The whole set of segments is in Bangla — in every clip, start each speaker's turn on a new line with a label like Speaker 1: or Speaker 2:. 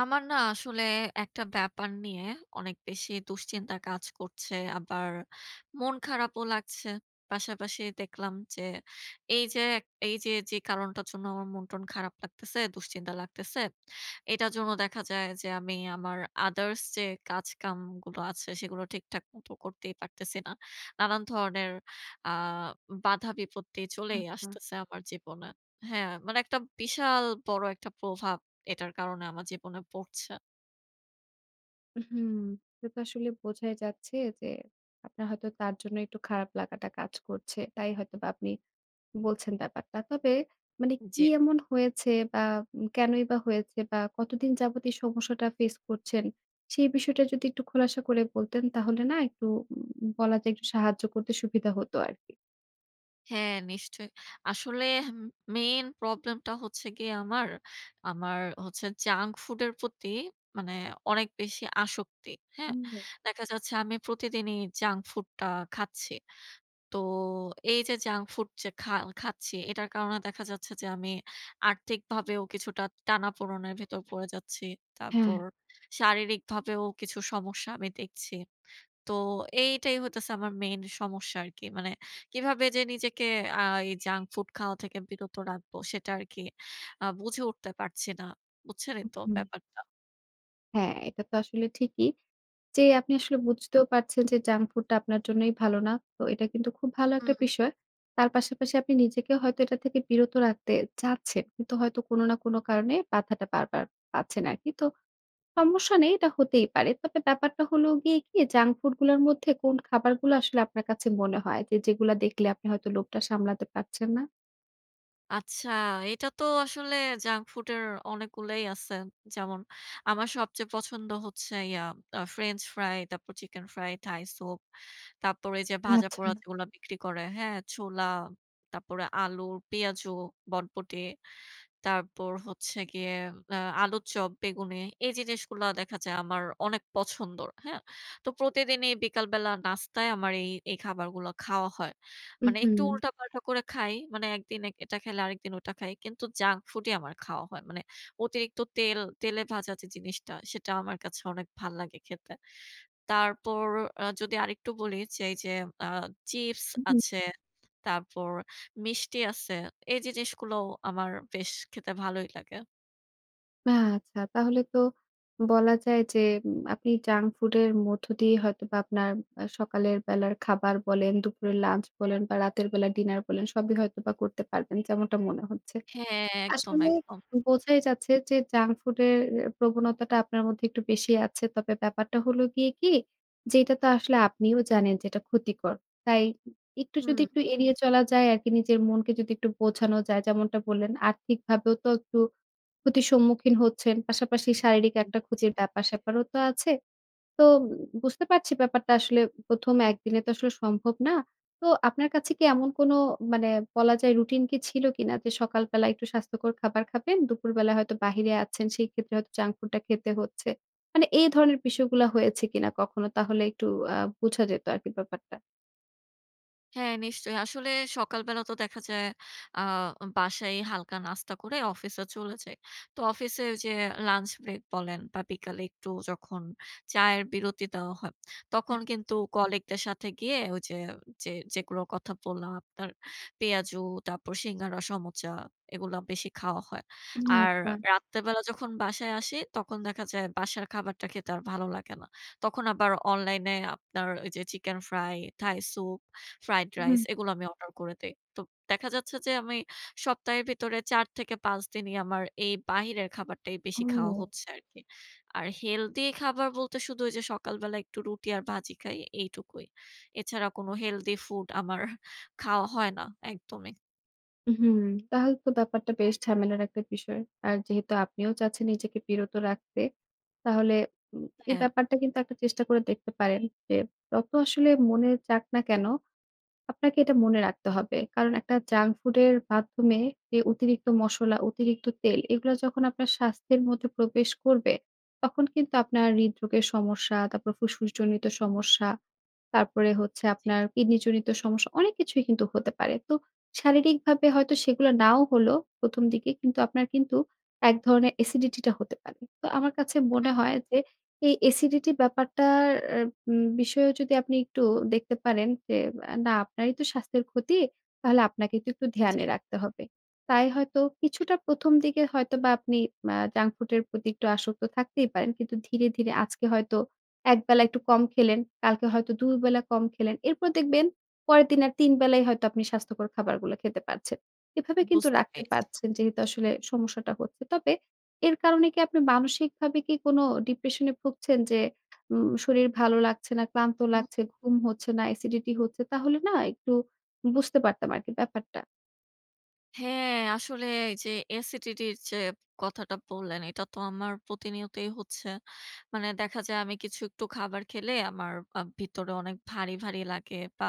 Speaker 1: আমার না আসলে একটা ব্যাপার নিয়ে অনেক বেশি দুশ্চিন্তা কাজ করছে আবার মন খারাপও লাগছে। পাশাপাশি দেখলাম যে, এই যে এক এই যে, যে কারণটার জন্য আমার মনটন খারাপ লাগতেছে, দুশ্চিন্তা লাগতেছে, এটার জন্য দেখা যায় যে আমি আমার others যে কাজকামগুলো আছে সেগুলো ঠিকঠাক মতো করতেই পারতেছি না। নানান ধরনের আ বাধা বিপত্তি চলেই
Speaker 2: উম-হুম।
Speaker 1: আসতেছে আমার জীবনে হ্যাঁ, মানে একটা বিশাল বড় একটা প্রভাব এটার কারণে আমার জীবনে পড়ছে।
Speaker 2: উম-হুম। এটা আসলে বোঝাই যাচ্ছে যে আপনার হয়তো তার জন্য একটু খারাপ লাগাটা কাজ করছে, তাই হয়তোবা আপনি বলছেন ব্যাপারটা। তবে মানে
Speaker 1: জি।
Speaker 2: কি এমন হয়েছে? বা উম কেনই বা হয়েছে বা কতদিন যাবৎ এই সমস্যাটা ফেইস করছেন? সেই বিষয়টা যদি একটু খোলাসা করে বলতেন তাহলে না একটু উম বলা যায় একটু সাহায্য করতে সুবিধা হতো আরকি।
Speaker 1: হ্যাঁ নিশ্চয়ই। আসলে হুম মেইন প্রবলেমটা হচ্ছে গিয়ে আমার, আমার হচ্ছে junk food এর প্রতি মানে অনেক বেশি আসক্তি, হ্যাঁ?
Speaker 2: হুম।
Speaker 1: দেখা যাচ্ছে আমি প্রতিদিনই জাঙ্ক ফুডটা খাচ্ছি। তো এই যে জাঙ্ক ফুড যে খা খাচ্ছি, এটার কারণে দেখা যাচ্ছে যে আমি আর্থিকভাবেও কিছুটা টানাপোড়নের ভেতর পড়ে যাচ্ছি।
Speaker 2: হ্যাঁ।
Speaker 1: তারপর শারীরিকভাবেও কিছু সমস্যা আমি দেখছি। তো এইটাই হইতেছে আমার মেইন সমস্যা আরকি। মানে কিভাবে যে নিজেকে আ এই জাঙ্ক ফুড খাওয়া থেকে বিরত রাখবো সেটা আরকি আ বুঝে উঠতে পারছি না। বুঝছেনই তো
Speaker 2: উম-হুম।
Speaker 1: ব্যাপারটা?
Speaker 2: হ্যাঁ, এটা তো আসলে ঠিকই। যে আপনি আসলে বুঝতেও পারছেন যে junk food টা আপনার জন্যই ভালো না। তো এটা কিন্তু খুব ভালো একটা
Speaker 1: হুম।
Speaker 2: বিষয়। তার পাশাপাশি আপনি নিজেকে হয়তো এটা থেকে বিরত রাখতে চাচ্ছেন। কিন্তু হয়তো কোন না কোন কারণে বাধাটা বারবার পাচ্ছেন আরকি। তো, সমস্যা নেই এটা হতেই পারে। তবে ব্যাপারটা হলো গিয়ে কি junk food গুলার মধ্যে কোন খাবারগুলা আসলে আপনার কাছে মনে হয় যে, যেগুলা দেখলে আপনি হয়তো লোভটা সামলাতে পারছেন না?
Speaker 1: আচ্ছা, এইটা তো আসলে junk food এর অনেকগুলাই আছে। যেমন, আমার সবচেয়ে পছন্দ হচ্ছে ইয়া আ ফ্রেঞ্চ ফ্রাই, তারপর চিকেন ফ্রাই, থাই সুপ। তারপর এইযে ভাজা-পোড়া
Speaker 2: আচ্ছা।
Speaker 1: যেগুলা বিক্রি করে, হ্যাঁ? ছোলা, তারপরে আলু, পেয়াজু, বটবটি। তারপর হচ্ছে গিয়ে ম্যা আলুর চপ, বেগুনি এইযে জিনিসগুলা দেখা যায় আমার অনেক পছন্দর, হ্যাঁ? তো প্রতিদিনই বিকালবেলা নাস্তায় আমার এই এই খাবারগুলা খাওয়া হয়। মানে একটু
Speaker 2: উম-হুম।
Speaker 1: উল্টাপাল্টা করে খাই। মানে একদিনে এটা খেলে আরেকদিন ওটা খাই। কিন্তু junk food ই আমার খাওয়া হয়। মানে অতিরিক্ত তেল তেলে ভাজা যে জিনিসটা, সেটা আমার কাছে অনেক ভাল্লাগে খেতে। তারপর আ যদি আরেকটু বলি, যে এইযে আ চিপস
Speaker 2: উম-হুম।
Speaker 1: আছে, তারপর মিষ্টি আছে। এইযে জিনিসগুলোও আমার বেশ খেতে ভালোই লাগে।
Speaker 2: আচ্ছা। তাহলে তো বলা যায় যে, আপনি junk food এর মধ্য দিয়ে হয়তোবা আপনার সকালের বেলার খাবার বলেন দুপুরে লাঞ্চ বলেন বা রাতের বেলা ডিনার বলেন সবই হয়তোবা করতে পারবেন, যেমনটা মনে হচ্ছে।
Speaker 1: হ্যাঁঁ একদম,
Speaker 2: আসলে
Speaker 1: একদম।
Speaker 2: বোঝাই যাচ্ছে যে জাঙ্ক ফুড এর প্রবণতাটা আপনার মধ্যে একটু বেশি আছে। তবে ব্যাপারটা হলো গিয়ে কি? যেটা তো আসলে আপনিও জানেন যে এটা ক্ষতিকর। তাই একটু যদি
Speaker 1: হুম।
Speaker 2: একটু এড়িয়ে চলা যায় আরকি, নিজের মনকে যদি একটু বোঝানো যায়। যেমনটা বললেন, আর্থিকভাবেও তো একটু ক্ষতির সম্মুখীন হচ্ছেন। পাশাপাশি শারীরিক একটা
Speaker 1: বুঝছি।
Speaker 2: ক্ষতির ব্যাপার-স্যাপারও তো আছে। তো বুঝতে পারছি ব্যাপারটা আসলে প্রথম একদিনে তো আসলে সম্ভব না। তো আপনার কাছে কি এমন কোনো মানে বলা যায় রুটিন কি ছিল কিনা? যে সকালবেলা একটু স্বাস্থ্যকর খাবার খাবেন, দুপুরবেলা হয়তো বাহিরে আছেন সেই ক্ষেত্রে হয়তো জাঙ্ক ফুড টা খেতে হচ্ছে। মানে এই ধরণের বিষয়গুলা হয়েছে কিনা কখনো? তাহলে একটু আ বোঝা যেত আরকি ব্যাপারটা।
Speaker 1: হ্যাঁ নিশ্চয়ই। আসলে সকালবেলা তো দেখা যায় আ বাসায় হালকা নাস্তা করে অফিসে চলে যাই। তো অফিসে ওইযে লাঞ্চ ব্রেক বলেন বা বিকালে একটু যখন চায়ের বিরতি দেওয়া হয়, তখন
Speaker 2: হ্যাঁ।
Speaker 1: কিন্তু কলিগ দের সাথে গিয়ে ওইযে যে যেগুলো কথা বললাম, আপনার পেঁয়াজু, তারপর সিঙ্গারা, সমোচা এগুলা বেশি খাওয়া হয়।
Speaker 2: উম
Speaker 1: আর
Speaker 2: আচ্ছা।
Speaker 1: রাত্রেবেলা যখন বাসায় আসি তখন দেখা যায় বাসার খাবারটা খেতে আর ভালো লাগে না। তখন আবার অনলাইন এ আপনার ওই যে chicken fry, Thai soup, fried rice
Speaker 2: হুম।
Speaker 1: এগুলো আমি অর্ডার করে দেই। তো দেখা যাচ্ছে যে, আমি সপ্তাহের ভিতরে ৪ থেকে ৫ দিনই আমার এই বাহিরের খাবারটাই বেশি খাওয়া
Speaker 2: ও।
Speaker 1: হচ্ছে আরকি। আর হেলথি খাবার বলতে শুধু যে সকালবেলা একটু রুটি আর ভাজি খাই এইটুকুই। এছাড়া কোন হেলথি ফুড আমার খাওয়া হয় না একদমই।
Speaker 2: উম-হুম, তাহলে তো ব্যাপারটা বেশ ঝামেলার একটা বিষয়। আর যেহেতু আপনিও চাচ্ছেন নিজেকে বিরত রাখতে, তাহলে উম এই
Speaker 1: হ্যাঁ।
Speaker 2: ব্যাপারটা কিন্তু একটা চেষ্টা করে দেখতে পারেন। যে যত আসলে মনে চাক না কেন, আপনাকে এটা মনে রাখতে হবে। কারণ একটা junk food এর মাধ্যমে যে অতিরিক্ত মসলা, অতিরিক্ত তেল এগুলা যখন আপনার স্বাস্থ্যের মধ্যে প্রবেশ করবে, তখন কিন্তু আপনার হৃদরোগের সমস্যা, তারপর ফুসফুস জনিত সমস্যা, তারপরে হচ্ছে
Speaker 1: জী।
Speaker 2: আপনার কিডনি জনিত সমস্যা, অনেক কিছুই কিন্তু হতে পারে। তো শারীরিকভাবে হয়তো সেগুলো নাও হলো, ১ম দিকে কিন্তু আপনার কিন্তু এক ধরণের এসিডিটি টা হতে পারে। তো আমার কাছে মনে
Speaker 1: হুম,
Speaker 2: হয়
Speaker 1: হুম।
Speaker 2: যে এই এসিডিটি ব্যাপারটার এ উম বিষয়েও যদি আপনি একটু দেখতে পারেন যে অ্যা না আপনারই তো স্বাস্থ্যের ক্ষতি, তাহলে আপনাকে তো একটু
Speaker 1: জী।
Speaker 2: ধ্যানে রাখতে হবে। তাই হয়তো কিছুটা ১ম দিকে হয়তোবা আপনি আ junk food এর প্রতি একটু আসক্ত থাকতেই পারেন কিন্তু ধীরে, ধীরে আজকে হয়তো ১ বেলা একটু কম খেলেন, কালকে হয়তো ২ বেলা কম খেলেন। এরপর দেখবেন পরেরদিনে ৩ বেলাই হয়তো আপনি স্বাস্থ্যকর খাবারগুলা খেতে পারছেন। এভাবে কিন্তু
Speaker 1: বুঝতে
Speaker 2: রাখতে
Speaker 1: পেরেছি।
Speaker 2: পারছেন যেহেতু আসলে সমস্যাটা হচ্ছে। তবে এর কারণে কি আপনি মানসিকভাবে কি কোন ডিপ্রেশনে ভুগছেন? যে উম শরীর ভালো লাগছে না, ক্লান্ত লাগছে,
Speaker 1: উম-হুম।
Speaker 2: ঘুম হচ্ছে না, এসিডিটি হচ্ছে তাহলে না একটু উ বুঝতে পারতাম আরকি ব্যাপারটা।
Speaker 1: হ্যাঁ, আসলে এই যে acidity এর যে কথাটা বললেন এটা তো আমার প্রতিনিয়তই হচ্ছে। মানে দেখা যায় আমি কিছু একটু খাবার খেলে আমার আ ভিতরে অনেক ভারী, ভারী লাগে বা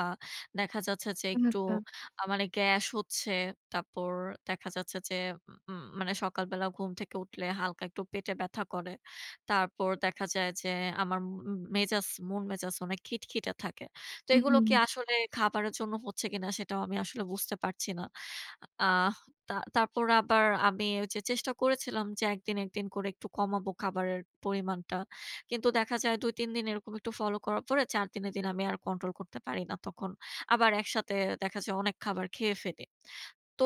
Speaker 1: দেখা যাচ্ছে যে
Speaker 2: ও
Speaker 1: একটু
Speaker 2: আচ্ছা।
Speaker 1: আ মানে গ্যাস হচ্ছে। তারপর দেখা যাচ্ছে যে উম মানে সকালবেলা ঘুম থেকে উঠলে হালকা একটু পেটে ব্যথা করে। তারপর দেখা যায় যে আমার উম মেজাজ, মন মেজাজ অনেক খিটখিটে থাকে। তো এগুলো কি
Speaker 2: হুম।
Speaker 1: আসলে খাবারের জন্য হচ্ছে কিনা? সেটাও আমি আসলে বুঝতে পারছি না। আহ তা তারপর আবার আমি ওইযে চেষ্টা করেছিলাম যে একদিন, একদিন করে একটু কমাবো খাবারের পরিমাণটা। কিন্তু দেখা যায় ২ ৩ দিন এরকম একটু ফলো করার পরে ৪ দিনের দিন আমি আর কন্ট্রোল করতে পারি না তখন, আবার একসাথে দেখা যায় অনেক খাবার খেয়ে ফেলি। তো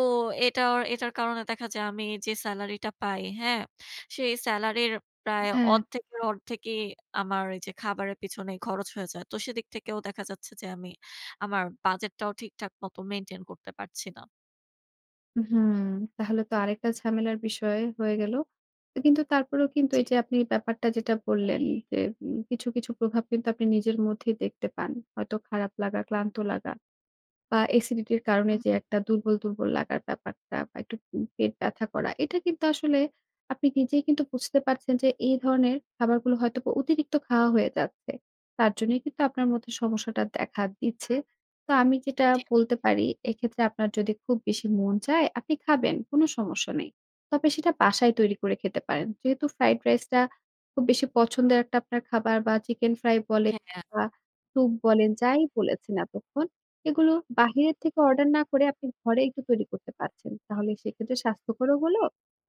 Speaker 1: এটার এটার কারণে দেখা যায় আমি যে সেলারি টা পাই হ্যাঁ? সেই সেলারির প্রায়
Speaker 2: হ্যাঁ।
Speaker 1: অর্ধেকের অর্ধেকেই আমার এই যে খাবারের পিছনেই খরচ হয়ে যায়। তো সেদিক থেকেও দেখা যাচ্ছে যে আমি আমার বাজেট টাও ঠিকঠাক মত মেইনটেইন করতে পারছি না।
Speaker 2: হুম, তাহলে তো আরেকটা ঝামেলার বিষয় হয়ে গেল। তো কিন্তু তারপরেও কিন্তু
Speaker 1: জী।
Speaker 2: এই যে আপনি ব্যাপারটা যেটা বললেন যে উম কিছু, কিছু প্রভাব কিন্তু আপনি নিজের মধ্যেই দেখতে পান। হয়তো খারাপ লাগা, ক্লান্ত লাগা বা এসিডিটির কারণে যে
Speaker 1: উম-হুম।
Speaker 2: একটা দুর্বল, দুর্বল লাগার ব্যাপারটা বা একটু উম পেট ব্যথা করা, এটা কিন্তু আসলে আপনি নিজেই কিন্তু বুঝতে পারছেন যে এই ধরনের খাবারগুলো হয়তো অতিরিক্ত খাওয়া হয়ে যাচ্ছে। তার জন্যই কিন্তু আপনার মধ্যে সমস্যাটা দেখা দিচ্ছে। তো আমি যেটা
Speaker 1: জী।
Speaker 2: বলতে পারি এক্ষেত্রে আপনার যদি খুব বেশি মন চায় আপনি খাবেন কোন সমস্যা নেই, তবে সেটা বাসায় তৈরি করে খেতে পারেন। যেহেতু ফ্রাইড রাইস টা খুব বেশি পছন্দের একটা আপনার খাবার বা চিকেন ফ্রাই বলেন
Speaker 1: হ্যাঁ।
Speaker 2: বা সুপ বলেন যাই বলেছেন এতক্ষণ। এগুলো বাহিরের থেকে অর্ডার না করে আপনি ঘরে একটু তৈরি করতে পারছেন। তাহলে সেক্ষেত্রে স্বাস্থ্যকরও হলো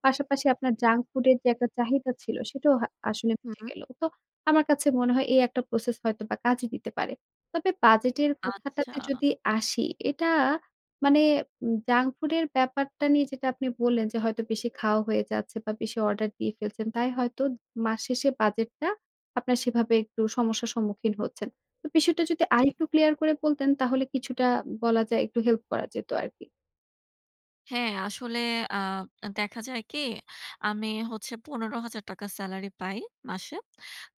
Speaker 2: পাশাপাশি আপনার junk food এর যে একটা চাহিদা ছিল সেটাও হা আসলে মিটে
Speaker 1: হুম।
Speaker 2: গেলো। তো আমার কাছে মনে হয় এই একটা process হয়তোবা কাজে দিতে পারে। তবে বাজেটের
Speaker 1: আচ্ছা।
Speaker 2: কথাটাতে যদি আসি এটা মানে জাঙ্ক ফুড এর ব্যাপারটা নিয়ে যেটা আপনি বললেন যে হয়তো বেশি খাওয়া হয়ে যাচ্ছে বা বেশি অর্ডার দিয়ে ফেলছেন। তাই হয়তো মাস শেষে বাজেট টা আপনার সেভাবে একটু সমস্যার সম্মুখীন হচ্ছেন। তো বিষয়টা যদি
Speaker 1: জী।
Speaker 2: আরেকটু ক্লিয়ার করে বলতেন তাহলে কিছুটা বলা যায় একটু হেল্প করা যেত আরকি।
Speaker 1: হ্যাঁ আসলে আ দেখা যায় কি? আমি হচ্ছে ৳১৫০০০ স্যালারি পাই মাসে।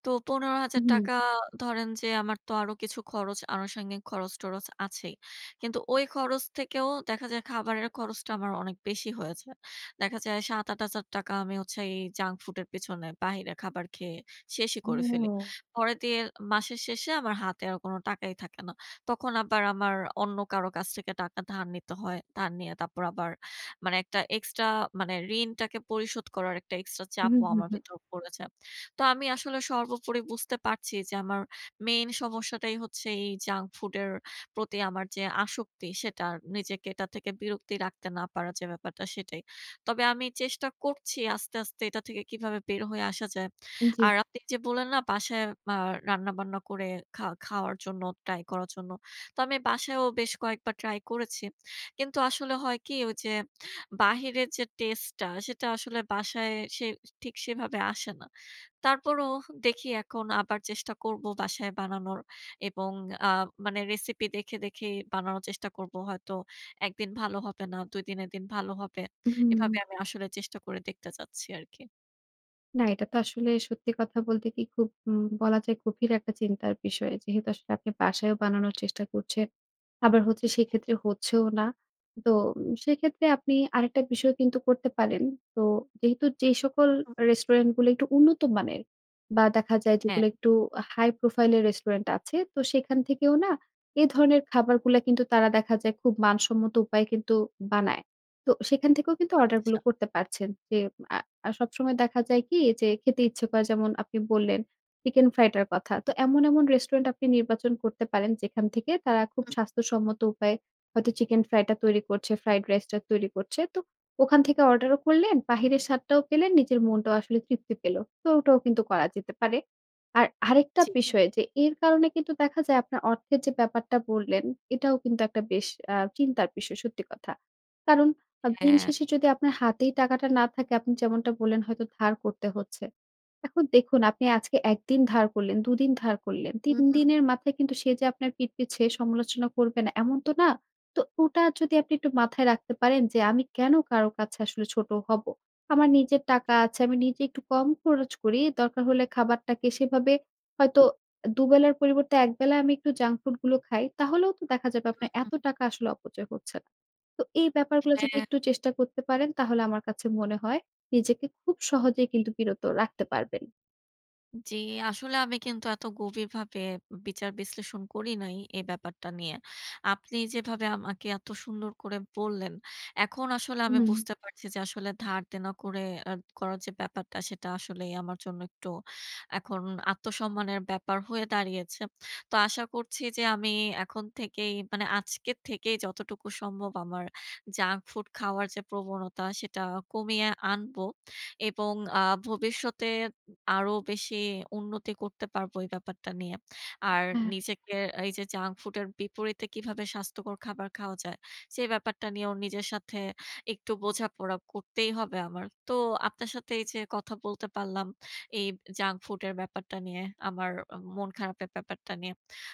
Speaker 1: তো পনেরো হাজার
Speaker 2: উম-হুম।
Speaker 1: টাকা ধরেন যে আমার তো আরও কিছু খরচ আনুষঙ্গিক খরচ-টরচ আছেই। কিন্তু ওই খরচ থেকেও দেখা যায় খাবারের খরচটা আমার অনেক বেশি হয়ে যায়। দেখা যায় ৳৭-৮০০০ আমি হচ্ছে এই জাঙ্ক ফুডের পিছনে বাহিরে খাবার খেয়ে শেষই করে ফেলি।
Speaker 2: হুম।
Speaker 1: পরে দিয়ে মাসের শেষে আমার হাতে আর কোনো টাকাই থাকে না। তখন আবার আমার অন্য কারো কাছ থেকে টাকা ধার নিতে হয়। ধার নিয়ে তারপর আবার মানে একটা এক্সট্রা মানে ঋণটাকে পরিশোধ করার একটা এক্সট্রা
Speaker 2: হুম,
Speaker 1: চাপও
Speaker 2: হুম,
Speaker 1: আমার
Speaker 2: হুম।
Speaker 1: ভিতর পড়ে যায়। তো আমি আসলে সর্বোপরি বুঝতে পারছি যে আমার মেইন সমস্যাটাই হচ্ছে এই জাঙ্ক ফুডের প্রতি আমার যে আসক্তি সেটা আর নিজেকে এটা থেকে বিরক্তি রাখতে না পারার যে ব্যাপারটা সেটাই। তবে আমি চেষ্টা করছি আস্তে, আস্তে এটা থেকে কীভাবে বের হয়ে আসা যায়।
Speaker 2: জি।
Speaker 1: আর আপনি এইযে বললেন না বাসায় আ রান্নাবান্না করে খা খাওয়ার জন্য ট্রাই করার জন্য, তো আমি বাসায়ও বেশ কয়েকবার ট্রাই করেছি। কিন্তু আসলে হয় কি? ওই যে বাহিরের যে টেস্ট টা সেটা আসলে বাসায় সে ঠিক সেভাবে আসে না। তারপরও দেখি এখন আবার চেষ্টা করব বাসায় বানানোর এবং আ মানে রেসিপি দেখে, দেখেই বানানোর চেষ্টা করব। হয়তো ১ দিন ভালো হবে না ২ দিনের দিন ভালো হবে, এভাবে
Speaker 2: উম-হুম।
Speaker 1: আমি আসলে চেষ্টা করে দেখতে চাচ্ছি আর কি।
Speaker 2: না এটা তো আসলে সত্যি কথা বলতে কি? খুব হুম বলা যায় গভীর একটা চিন্তার বিষয় যেহেতু আসলে আপনি বাসায়ও বানানোর চেষ্টা করছেন। আবার হচ্ছে সে
Speaker 1: জি।
Speaker 2: ক্ষেত্রে হচ্ছেও না। তো সে ক্ষেত্রে আপনি আরেকটা বিষয় কিন্তু করতে পারেন তো যেহেতু যে সকল
Speaker 1: উহুম।
Speaker 2: রেস্টুরেন্টগুলো একটু উন্নত মানের বা দেখা যায়
Speaker 1: হ্যাঁ।
Speaker 2: যেগুলো একটু high profile এর রেস্টুরেন্ট আছে তো সেখান থেকেও না এ ধরনের খাবারগুলা কিন্তু তারা দেখা যায় খুব মানসম্মত উপায়ে কিন্তু বানায়। তো সেখান থেকেও কিন্তু অর্ডারগুলো
Speaker 1: আচ্ছা।
Speaker 2: করতে পারছেন। যে আ সবসময় দেখা যায় কি? যে খেতে ইচ্ছে করে যেমন আপনি বললেন চিকেন ফ্রাই টার কথা তো এমন, এমন রেস্টুরেন্ট আপনি নির্বাচন করতে পারেন যেখান থেকে তারা খুব
Speaker 1: উম।
Speaker 2: স্বাস্থ্যসম্মত উপায়ে হয়তো চিকেন ফ্রাইটা তৈরি করছে ফ্রাইড রাইসটা তৈরি করছে। তো ওখান থেকে অর্ডারও করলেন, বাহিরের স্বাদটাও পেলেন, নিজের মনটাও আসলে তৃপ্তি পেল তো ওটাও কিন্তু করা যেতে পারে। আর আরেকটা
Speaker 1: জি।
Speaker 2: বিষয় যে এর কারণে কিন্তু দেখা যায় আপনার অর্থের যে ব্যাপারটা বললেন এটাও কিন্তু একটা বেশ আ চিন্তার বিষয় সত্যি কথা। কারণ আ দিন
Speaker 1: হ্যাঁ।
Speaker 2: শেষে যদি আপনার হাতেই টাকাটা না থাকে আপনি যেমনটা বললেন হয়তো ধার করতে হচ্ছে। এখন দেখুন আপনি আজকে ১ দিন ধার করলেন ২ দিন ধার করলেন ৩
Speaker 1: উম-হুম।
Speaker 2: দিনের মাথায় কিন্তু সে যে আপনার পিঠ পিছে সমালোচনা করবে না এমন তো না। তো ওটা যদি আপনি একটু মাথায় রাখতে পারেন যে আমি কেন কারো কাছে আসলে ছোট হব? আমার নিজের টাকা আছে আমি নিজে একটু কম খরচ করি দরকার হলে খাবারটাকে সেভাবে হয়তো ২ বেলার পরিবর্তে ১ বেলা আমি একটু জাঙ্ক ফুড গুলো খাই। তাহলেও তো দেখা যাবে আপনার
Speaker 1: হুম,
Speaker 2: এত
Speaker 1: হুম।
Speaker 2: টাকা আসলে অপচয় হচ্ছে না। তো এই ব্যাপারগুলো যদি
Speaker 1: হ্যাঁ।
Speaker 2: একটু চেষ্টা করতে পারেন তাহলে আমার কাছে মনে হয় নিজেকে খুব সহজেই কিন্তু বিরত রাখতে পারবেন।
Speaker 1: জি, আসলে আমি কিন্তু এত গভীরভাবে বিচার বিশ্লেষণ করি নাই এই ব্যাপারটা নিয়ে। আপনি যেভাবে আমাকে এত সুন্দর করে বললেন, এখন আসলে আমি
Speaker 2: হুম।
Speaker 1: বুঝতে পারছি যে আসলে ধারদেনা করে আ করার যে ব্যাপারটা সেটা আসলেই আমার জন্য একটু এখন আত্মসম্মানের ব্যাপার হয়ে দাঁড়িয়েছে। তো আশা করছি যে আমি এখন থেকেই মানে আজকে থেকেই যতটুকু সম্ভব আমার junk food খাওয়ার যে প্রবণতা সেটা কমিয়ে আনবো। এবং আ ভবিষ্যতে আরো বেশি উন্নতি করতে পারবো এই ব্যাপারটা নিয়ে। আর
Speaker 2: হ্যাঁ।
Speaker 1: নিজেকে এই যে junk food এর বিপরীতে কিভাবে স্বাস্থ্যকর খাবার খাওয়া যায় সে ব্যাপারটা নিয়ে নিজের সাথে একটু বোঝাপড়া করতেই হবে আমার। তো আপনার সাথে এই যে কথা বলতে পারলাম এই junk food এর ব্যাপারটা নিয়ে আমার মন খারাপের ব্যাপারটা নিয়ে,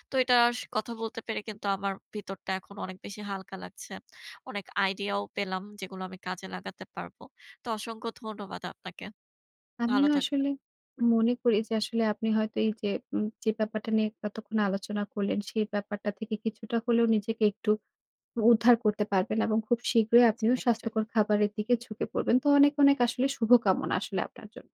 Speaker 1: তো এটা স কথা বলতে পেরে কিন্তু আমার ভিতরটা এখন অনেক বেশি হালকা লাগছে। অনেক আইডিয়াও পেলাম যেগুলো আমি কাজে লাগাতে পারবো। তো অসংখ্য ধন্যবাদ আপনাকে। ভালো
Speaker 2: আমিও
Speaker 1: থাকবেন।
Speaker 2: আসলে মনে করি যে আসলে আপনি হয়তো এই যে, যে ব্যাপারটা নিয়ে এতক্ষণ আলোচনা করলেন সেই ব্যাপারটা থেকে কিছুটা হলেও নিজেকে একটু উদ্ধার করতে পারবেন এবং খুব শীঘ্রই
Speaker 1: জি,
Speaker 2: আপনিও
Speaker 1: নিশ্চয়ই।
Speaker 2: স্বাস্থ্যকর খাবারের দিকে ঝুঁকে পড়বেন। তো অনেক, অনেক আসলে শুভকামনা আসলে আপনার জন্য।